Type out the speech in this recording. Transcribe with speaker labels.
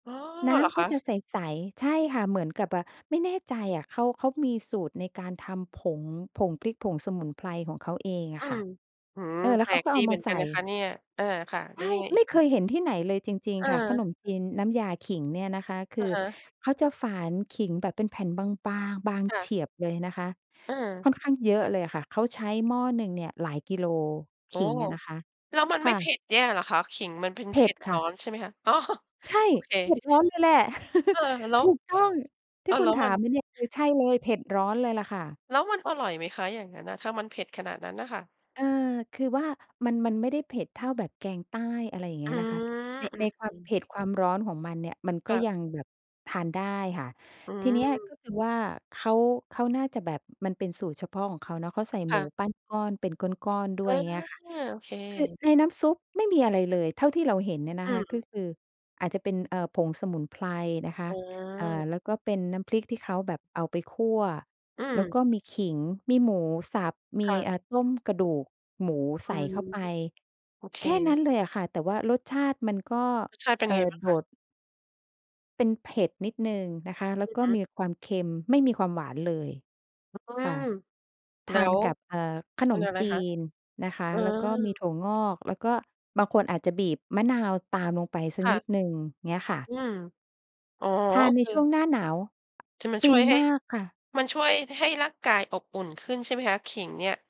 Speaker 1: อ๋อ
Speaker 2: น้
Speaker 1: เหรอ
Speaker 2: ำ
Speaker 1: ค
Speaker 2: ก็
Speaker 1: ะ?
Speaker 2: จะใส ๆ ใช่ค่ะ เหมือนกับแบบ ไม่แน่ใจอะ เขา เขามีสูตรในการทำ ผง ผงพริกผงสมุนไพรของเขาเองอ
Speaker 1: อื
Speaker 2: ะค่
Speaker 1: ม
Speaker 2: ะ
Speaker 1: อื้อฮื
Speaker 2: เ
Speaker 1: อ
Speaker 2: ออ แล้
Speaker 1: แ
Speaker 2: ว
Speaker 1: ป
Speaker 2: เ
Speaker 1: ล
Speaker 2: ขา
Speaker 1: ก
Speaker 2: ก็เ
Speaker 1: ด
Speaker 2: อ
Speaker 1: ี
Speaker 2: า
Speaker 1: เ
Speaker 2: ม
Speaker 1: หม
Speaker 2: า
Speaker 1: ือน
Speaker 2: ใ
Speaker 1: ก
Speaker 2: ส
Speaker 1: ัน
Speaker 2: ่
Speaker 1: นะคะเนี่ย เออ ค่ะ
Speaker 2: ใช
Speaker 1: แล้
Speaker 2: ่
Speaker 1: วยังไงอ
Speaker 2: ไ
Speaker 1: ี
Speaker 2: ม่
Speaker 1: ก
Speaker 2: เ
Speaker 1: ค
Speaker 2: ค
Speaker 1: ะ?
Speaker 2: ยเห็นที่ไหนเลยจริง ๆ ค่ะ ข
Speaker 1: เออ
Speaker 2: นมจีนน้ำยาขิงเนี่ยนะคะ ค
Speaker 1: อ
Speaker 2: ื
Speaker 1: ะ
Speaker 2: อ
Speaker 1: ฮะ
Speaker 2: เขาจะฝานขิงแบบเป็นแผ่นบาง ๆ บาง
Speaker 1: ค่
Speaker 2: เฉ
Speaker 1: ะ
Speaker 2: ียบเลยนะคะ
Speaker 1: เ
Speaker 2: ค
Speaker 1: ออ
Speaker 2: ่อนข้างเยอะเลยอะค่ะ เขาใช้หม้อหนึ่งเนี่ยหลายกิโล
Speaker 1: โ
Speaker 2: ข
Speaker 1: อ้
Speaker 2: ิง
Speaker 1: โฮ
Speaker 2: อะนะคะ
Speaker 1: แล้วมัน
Speaker 2: ค
Speaker 1: ไม่
Speaker 2: ่
Speaker 1: เผ
Speaker 2: ะ
Speaker 1: ็ดแย่เหรอคะ ขิงมันเป็น
Speaker 2: เผ
Speaker 1: เผ
Speaker 2: ็
Speaker 1: ็
Speaker 2: ด
Speaker 1: ด
Speaker 2: ค
Speaker 1: ร
Speaker 2: ่
Speaker 1: ้
Speaker 2: ะ
Speaker 1: อนใช่ไหมคะ? อ๋อ
Speaker 2: ใช่
Speaker 1: โอเค
Speaker 2: เผ็ดร้อนเลยแหละ
Speaker 1: เออ แล้
Speaker 2: ถ
Speaker 1: ว
Speaker 2: ูกต้อง ที
Speaker 1: เอ
Speaker 2: ่
Speaker 1: อ
Speaker 2: ค
Speaker 1: แ
Speaker 2: ุ
Speaker 1: ล้
Speaker 2: ณ
Speaker 1: ว
Speaker 2: ถา
Speaker 1: มัน
Speaker 2: มมาเนี่ย คือใช่เลย เผ็ดร้อนเลยล่ะค่ะ
Speaker 1: แล้วมันอร่อยไหมคะ อย่างงั้นอะ ถ้ามันเผ็ดขนาดนั้นน่ะค่ะ?
Speaker 2: เอ่อ คือว่า มัน มันไม่ได้เผ็ดเท่าแบบแกงใต้ อะไรอย่างเง
Speaker 1: อ
Speaker 2: ี
Speaker 1: ื
Speaker 2: ้ยนะคะ
Speaker 1: ม
Speaker 2: ใน
Speaker 1: อื
Speaker 2: ใน
Speaker 1: ม
Speaker 2: ควา
Speaker 1: อื
Speaker 2: ม
Speaker 1: ม
Speaker 2: เผ็ด ความร้อนของมันเนี่ย มันก
Speaker 1: ค
Speaker 2: ็
Speaker 1: ่ะ
Speaker 2: ยังแบบทานได้ค่ะ
Speaker 1: อื
Speaker 2: ทีเนี้ยก
Speaker 1: ม
Speaker 2: ็คือว่า เขา เขาน่าจะแบบมันเป็นสูตรเฉพาะของเขาเนาะ เขาใส่
Speaker 1: ค
Speaker 2: หม
Speaker 1: ่
Speaker 2: ู
Speaker 1: ะ
Speaker 2: ปั้นก้อน เป็นก้อน ๆ ด้
Speaker 1: เอ
Speaker 2: วย
Speaker 1: อ
Speaker 2: อย่างเงี้ยค่ะ
Speaker 1: โอเค
Speaker 2: คือในน้ำซุปไม่มีอะไรเลย เท่าที่เราเห็นเนี่ยน
Speaker 1: อ
Speaker 2: ะ
Speaker 1: ื
Speaker 2: คะ ก็
Speaker 1: ม
Speaker 2: คืออาจจะเป็น เอ่อ ผงสมุนไพรนะค
Speaker 1: อ
Speaker 2: ะ
Speaker 1: ๋
Speaker 2: เอ่อ
Speaker 1: อ
Speaker 2: แล้วก็เป็นน้ำพริกที่เขาแบบเอาไปคั่ว
Speaker 1: อื
Speaker 2: แล้ว
Speaker 1: ม
Speaker 2: ก็มีขิง มีหมูสับ มี
Speaker 1: ค่ะ
Speaker 2: อ่า ต้มกระดูก หมู
Speaker 1: อ
Speaker 2: ใ
Speaker 1: ื
Speaker 2: ส่
Speaker 1: ม
Speaker 2: เข้าไป
Speaker 1: โอเค
Speaker 2: แค่นั้นเลยอะค่ะ แต่ว่ารสชาติมันก็
Speaker 1: รสชาติเป็น
Speaker 2: เอ่
Speaker 1: ยังไง
Speaker 2: อ
Speaker 1: บ้าง
Speaker 2: โด
Speaker 1: คะ?
Speaker 2: ด เป็นเผ็ดนิดหนึ่งนะคะ แล
Speaker 1: อ
Speaker 2: ้
Speaker 1: ื
Speaker 2: ว
Speaker 1: อ
Speaker 2: ก็
Speaker 1: ฮึ
Speaker 2: มีความเค็ม ไม่มีความหวานเลย
Speaker 1: อื้อฮื
Speaker 2: ค่ะ
Speaker 1: อ
Speaker 2: ท
Speaker 1: แล้
Speaker 2: าน
Speaker 1: ว
Speaker 2: กับ เอ่อ ข
Speaker 1: ท
Speaker 2: นม
Speaker 1: ำยังไง
Speaker 2: จ
Speaker 1: คะ?
Speaker 2: ีนนะคะ
Speaker 1: อื
Speaker 2: แล้วก็มี
Speaker 1: ม
Speaker 2: ถั่วงอก แล้วก็บางคนอาจจะบีบมะนาวตามลงไปสัก
Speaker 1: ค่
Speaker 2: นิ
Speaker 1: ะ
Speaker 2: ดหนึ่ง เงี้ยค่ะ
Speaker 1: อืม อ๋อ
Speaker 2: ทา
Speaker 1: ก
Speaker 2: น
Speaker 1: ็
Speaker 2: ใน
Speaker 1: คือ
Speaker 2: ช่วงหน้าหนาว
Speaker 1: จะมา
Speaker 2: ฟ
Speaker 1: ช
Speaker 2: ิ
Speaker 1: ่ว
Speaker 2: น
Speaker 1: ยให้
Speaker 2: มากค่ะ
Speaker 1: มันช่วยให้ร่างกายอบอุ่นขึ้นใช่ไหมคะ ขิงเนี่ย?